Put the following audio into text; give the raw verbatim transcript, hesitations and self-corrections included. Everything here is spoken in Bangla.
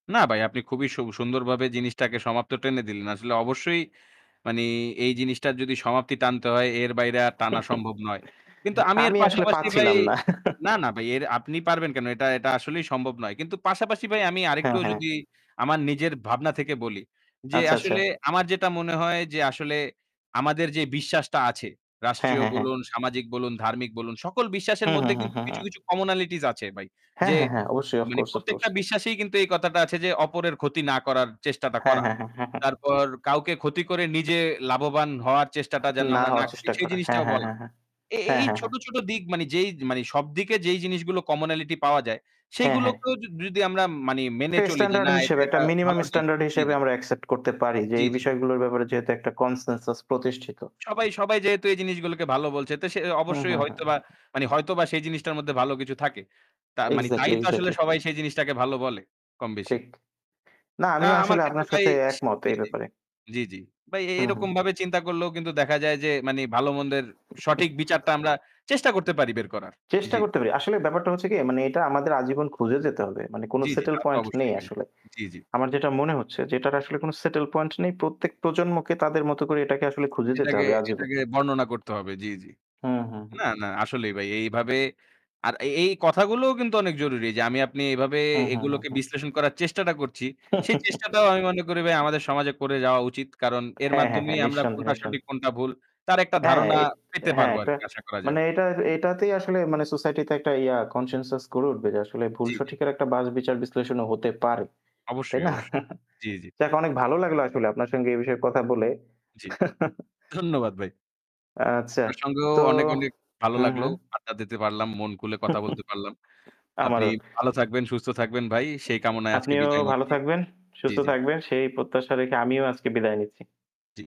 না বাই আপনি খুবই সু সুন্দরভাবে জিনিসটাকে সমাপ্ত টেনে দিলেন। আসলে অবশ্যই মানি এই জিনিসটার যদি সমাপ্তি টানতে হয় এর বাইরে আর টানা সম্ভব নয়। কিন্তু আমি এর আমি আসলে পাশাপাশি বাই, পাচ্ছিলাম না। না, না ভাই এর আপনি পারবেন কেন? এটা এটা আসলেই সম্ভব নয়। কিন্তু পাশাপাশি ভাই আমি হ্যাঁ, আরেকটু হ্যাঁ। যদি আমার নিজের ভাবনা থেকে বলি। যে আচ্ছা, আচ্ছা। আসলে আমার যেটা মনে হয় যে আসলে আমাদের যে বিশ্বাসটা আছে। হ্যাঁ, রাষ্ট্রীয় হ্যাঁ, হ্যাঁ। বলুন, সামাজিক বলুন, ধার্মিক বলুন, সকল হু, বিশ্বাসের হু, মধ্যে হু, কিন্তু হু, কিছু, হু। কিছু কমনালিটিস আছে ভাই। হ্যাঁ, যে হ্যাঁ, হ্যাঁ, অবশ্যই, ওফ মানে কোর্স, ওফ কোর্স। প্রত্যেকটা বিশ্বাসেই কিন্তু এই কথাটা আছে যে অপরের ক্ষতি না করার চেষ্টাটা হ্যাঁ, করা। হ্যাঁ, হ্যাঁ, হ্যাঁ, হ্যাঁ। তারপর কাউকে ক্ষতি করে নিজে লাভবান হওয়ার চেষ্টাটা যেন না আমরা না হওয়ার করি, চেষ্টা সেই করা। হ্যাঁ, জিনিসটাও হ্যাঁ, বলা। হ্যাঁ, হ্যাঁ। এ এ হ্যাঁ, এই হ্যাঁ, ছোট, হ্যাঁ। ছোট দিক মানে যেই মানি সবদিকে যেই জিনিসগুলো কমনালিটি পাওয়া যায়, হ্যাঁ, হ্যাঁ। সেগুলোকেও য যদি আমরা মানি, মেনে একটু চলি যে স্ট্যান্ডার্ড না, এটা হিসেবে একটা এটা মিনিমাম ভালো দিক স্ট্যান্ডার্ড জ্বী, হিসেবে জ্বী। আমরা অ্যাকসেপ্ট করতে পারি। যে জ্বী, এই জ্বী। বিষয়গুলোর ব্যাপারে যেহেতু একটা কনসেনসাস প্রতিষ্ঠিত। সবাই সবাই যেহেতু এই জিনিসগুলোকে ভালো বলছে। তো সে হু, অবশ্যই হু, হু, হয়তোবা হু। মানে হয়তোবা সেই জিনিসটার মধ্যে ভালো কিছু থাকে। তা মানি তাই এক্সাক্টলি, তো আসলে এক্সাক্টলি। সবাই সেই জিনিসটাকে ভালো বলে, কমবেশি। ঠিক। না না আমিও আমার আসলে ক্ষেত্রে আপনার বাই সাথে সি একমত জ্বী, এই জ্বী, ব্যাপারে। জ্বী, জ্বী। ভাই এ হুম, হুম। এরকমভাবে চিন্তা করলেও কিন্তু দেখা যায় যে মানি ভালো মন্দের সঠিক বিচারটা আমরা চেষ্টা করতে পারি বের করার। চেষ্টা জ্বী। করতে পারি। আসলে ব্যাপারটা হচ্ছে কি, মানে এটা আমাদের আজীবন খুঁজে যেতে হবে। মানে কোন জ্বী, জ্বী, সেটেল তা তো পয়েন্ট নেই অবশ্যই ভাই। আসলে। জ্বী, জ্বী। আমার যেটা মনে হচ্ছে যে এটার আসলে কোন সেটেল পয়েন্ট নেই। প্রত্যেক প্রজন্মকে তাদের মতো করে এটাকে আসলে খুঁজে যেতে এটাকে হবে আজীবন। এটাকে বর্ণনা করতে হবে। জ্বী, জ্বী। হুম, হুম, হুম, না, হুম। না আসলেই ভাই। এইভাবে আর এ এই কথাগুলোও কিন্তু অনেক জরুরি। যে আমি আপনি এভাবে হুম, হুম, হুম, এগুলোকে হুম। বিশ্লেষণ করার চেষ্টাটা করছি। সেই চেষ্টাটাও আমি মনে করি ভাই আমাদের সমাজে করে যাওয়া উচিত। কারণ এর হ্যাঁ, হ্যাঁ, হ্যাঁ। মাধ্যমেই আমরা নিঃসন্দেহে, কোনটা সঠিক, নিঃসন্দেহে। কোনটা ভুল। তার একটা হ্যাঁ, ধারণা এ পেতে হ্যাঁ, পারবো একটা আরকি আশা করা যায়। মানে জ্বী। এটা-এটাতেই আসলে মানে সোসাইটি তে একটা ইয়া কনসেনসাস করে উঠবে। যে আসলে ভুল জ্বী, জ্বী। সঠিকের একটা বাজ-বিচার বিশ্লেষণও হতে পারে। তাই অবশ্যই, না? অবশ্যই। জ্বী, জ্বী। যাক অনেক ভালো লাগলো আসলে আপনার সঙ্গে এ বিষয়ে কথা বলে। জ্বী। ধন্যবাদ ভাই। আচ্ছা। আপনার সঙ্গেও তো অনেক, অনেক ভালো হুম, লাগলো। হুম। আড্ডা দিতে পারলাম, মন খুলে কথা বলতে পারলাম। আপনি আমারও। ভালো থাকবেন, সুস্থ থাকবেন ভাই। সেই কামনায় আজকে আপনিও বিদায় ভালো নিচ্ছি। থাকবেন, জ্বী, সুস্থ জ্বী। থাকবেন। সেই প্রত্যাশা রেখে আমিও আজকে বিদায় নিচ্ছি। জ্বী।